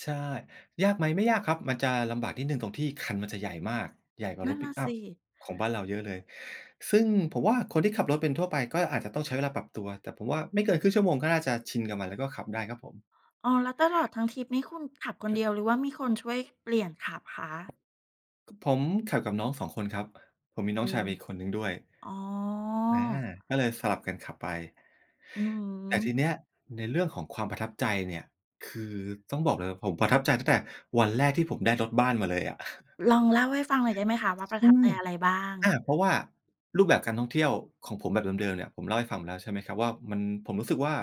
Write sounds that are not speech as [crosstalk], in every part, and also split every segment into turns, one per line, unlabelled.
ใช่ ยากไหม ไม่ยากครับ มันจะลำบากนิดหนึ่งตรงที่คันมันจะใหญ่มาก ใหญ่กว่า
นั
ร
่
ถ
น
ป
น
ิ
่
ก
ะ
อั
ส
ป
ิ
ของบ้านเราเยอะเลย ซึ่งผมว่าคนที่ขับรถเป็นทั่วไปก็อาจจะต้องใช้เวลาปรับตัว แต่ผมว่าไม่เกิน 1/2 ชั่วโมงก็น่าจะชินกับมัน แล้วก็ขับได้ครับผม
อ๋อ แล้วตลอดทั้งทริปนี้คุณขับคนเดียว หรือว่ามีคนช่วยเปลี่ยนขับคะ?
ก ผมขับกับน้อง 2 คนครับ ผมมีน้
อื
องชาย
ม
ไปอีกคนหนึ่งด้วย
อ๋อ
อา ก็เลยสลับกันขับไป
อือฮ
แต่ทีเนี
ึ
้ย ในเรื่องของความประทับใจเนี่ย คือต้องบอกเลยผมประทับใจตั้งแต่วันแรกที่ผมได้รถบ้านมาเลยอะ
ลองเล่าให้ฟังหน่อยได้ไหมคะว่าปร
ใช
ะทับ
่
ใจอะไรบ้าง?
อา เพราะว่ารูปแบบการท่องเที่ยวของผมแบบเดิม ๆ เนี่ย ผมเล่าให้ฟังไปแล้วใช่ไหมครับ มัน ผมรู้สึกว่า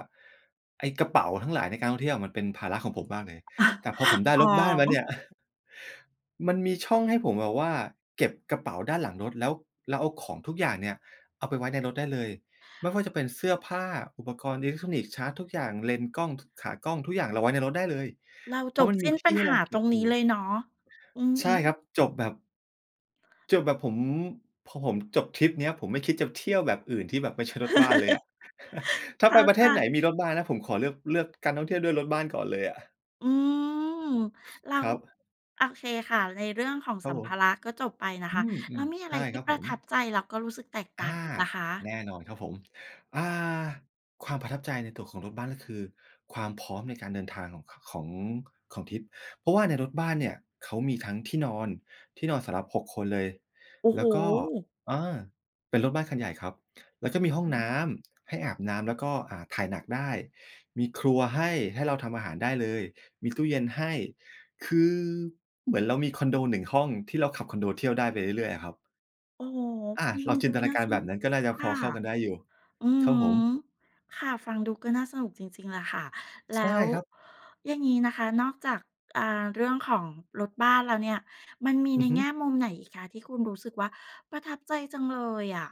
ไอ้กระเป๋าทั้งหลายในการท่องเที่ยวมันเป็นภาระของผมมากเลย แต่พอผม
[chuckles]
ได้
อ๋
ร
อ
ถบ้านมาเนี่ย [chuckles] มันมีช่องให้ผมแบบว่าเก็บกระเป๋าด้านหลังรถ แล้วเราเอาของทุกอย่างเนี่ยเอาไปไว้ในรถได้เลย ไม่ว่าจะเป็นเสื้อผ้า อุปกรณ์อิเล็กทรอนิกส์ ชาร์จทุกอย่าง เลนส์กล้อง ถ ขากล้องทุกอย่างเราไว้ในรถได้เลย
เรา
เพ
จ
ราะ
บ
มัน
ส
ม
ิ
ี
้น
ท
ปั
ี่
ญ
ให้
ห
เร
า
าเก
ต
็
ร
บ
ง
อ
น
ย
ี
ู
้
่
เลยเนาะ อื
ใช่คร
ม
ับ จบแบบ จบแบบผม พอผมจบทริปเนี้ย ผมไม่คิดจะเที่ยวแบบอื่นที่แบบไม่ใช่รถบ้านเลยอะ
[chuckles]
[chuckles] ถ้
เ
า
ข
ไ
้
ป
า
ประเท
ใ
ศไหนม
จ
ีรถบ้านนะ ผมขอเลือก เลือกการท่องเที่ยวด้วยรถบ้านก่อนเลยอะ
อืม แล้
ค
ว
รับ
โอเคค่ะ ในเรื่องของ
คร
ส
ั
ั
บ
ม
ผ
ภ
ม
าระก็จบไปนะ
อื
คะ แล้ว
ม
มีอ
ๆ
ะ
ใช
ไร
่
ที
ค
่
รับ
ป
ผ
ระ
ม
ทับใจ แล้วก็รู้สึกแตกต่
อ
าง
า
อีกล่ะค
แ
ะ?
น่นอนครับผม อ่า ความประทับใจในตัวของรถบ้านก็คือความพร้อมในการเดินทางของ ข ของ ของทริป เพราะว่าในรถบ้านเนี่ยเขามีทั้งที่นอน ที่นอนสำหรับ 6 คนเลย
โอ้
แ
โ
ล
ฮ!
้วก็ อา เป็นรถบ้านคันใหญ่ครับ แล้วก็มีห้องน้ำ ให้อาบน้ำ แล้วก็ อ่า ถ่ายหนักได้ มีครัวให้ ให้เราทำอาหารได้เลย มีตู้เย็นให้ คือเหมือนเรามีคอนโด 1 ห้องที่เราขับคอนโดเที่ยวได้ไปเรื่อย ๆ อะครับ
โอ้โฮ
อ
ฟ
า
ัง
เ
ด
ร
ู
าจ
ด
ิ
ู
นตน
น
า
่า
กา
ส
รแบ
น
บ
ุก
นั้นก็น่าจะ
ค
พ
่
อ
ะ
เข้ากันได้อยู่
อือ
ครับ
ฮึ
ผม
ค่ะ ฟังดูก็น่าสนุกจริง ๆ แหละค่ะ แ
ใช
ล
่
้ว
ครับ
อย่างนี้นะคะ นอกจาก อ่า เรื่องของรถบ้านแล้วเนี่ย มันมี
อื
ใน
อฮึ
แง่มุมไหนอีกคะที่คุณรู้สึกว่าประทับใจจังเลยอะ?